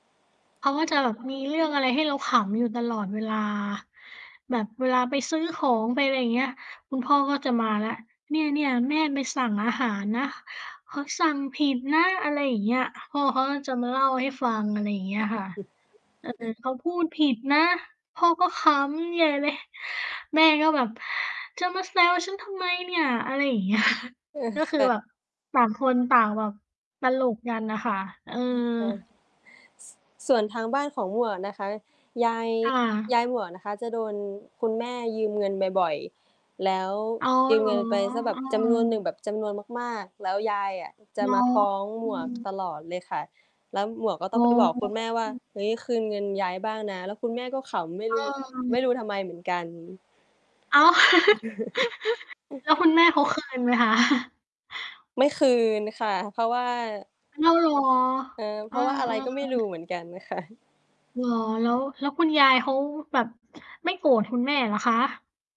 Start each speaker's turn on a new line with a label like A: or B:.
A: เขาก็จะแบบมีเรื่องอะไรให้เราขำอยู่ตลอดเวลา แบบเวลาไปซื้อของ ไปอะไรอย่างเงี้ย คุณพ่อก็จะมาแล้ว "เนี่ย ๆ แม่ไปสั่งอาหารนะ เขาสั่งผิดนะ" อะไรอย่างเงี้ย พ่อเขาก็จะมาเล่าให้ฟัง อะไรอย่างเงี้ยค่ะ เออ
B: [unintelligible]
A: เขาพูดผิดนะ พ่อก็ขำใหญ่ เลย แม่ก็แบบ "จะมาแซวฉันทำไมเนี่ย" อะไรอย่าง เงี้ย
B: เออ
A: ก็
B: ค
A: คือ
B: ่ะ
A: แบบต่างคนต่างแบบตลกกันน่ะค่ะ เออ
B: ยิบไป ส ส่วนทางบ้านของหมวกนะคะ ยาย
A: ค่ะ
B: ยายหมวกนะคะจะโดนคุณแม่ยืมเงินบ่อย ๆ แล้ว
A: อ๋อ
B: ยื
A: เ
B: ม
A: หร
B: เง
A: อ?
B: ินไปสักแบ
A: เ
B: บ จำนวนหนึ่ง
A: ออ
B: แบบ จำนวนมาก ๆ แล้วยายอะจ
A: เ
B: ะ
A: หรอ?
B: มาฟ้อง
A: อ
B: ห
A: ื
B: มวก
A: ม
B: ตลอดเลยค่ะ แล้วหมวกก็ต
A: อ
B: ้
A: ๋
B: อ
A: อ
B: งไปบอกคุณแม่ว่า
A: อืม
B: "เฮ้ย คืนเงินยายบ้างนะ" แล้วคุณแม่ก็ขำ ไม่
A: เ
B: รู้ ไม่
A: ออ
B: รู้ทำไมเหมือนกัน
A: อ้าว แล้วคุณแม่เขา คืน ไหมคะ?
B: ไม่คืนค่ะ เพราะว่า
A: อ้าว เหรอ?
B: เออ เ
A: เ
B: พ
A: อ
B: ร
A: อ
B: าะว่าอะไรก็ไม่รู
A: ๆ
B: ้เหมือนกัน ค่ะ
A: เหรอ? แล้ว แล้วคุณยายเขาแบบ ไม่โกรธคุณแม่เหรอคะ?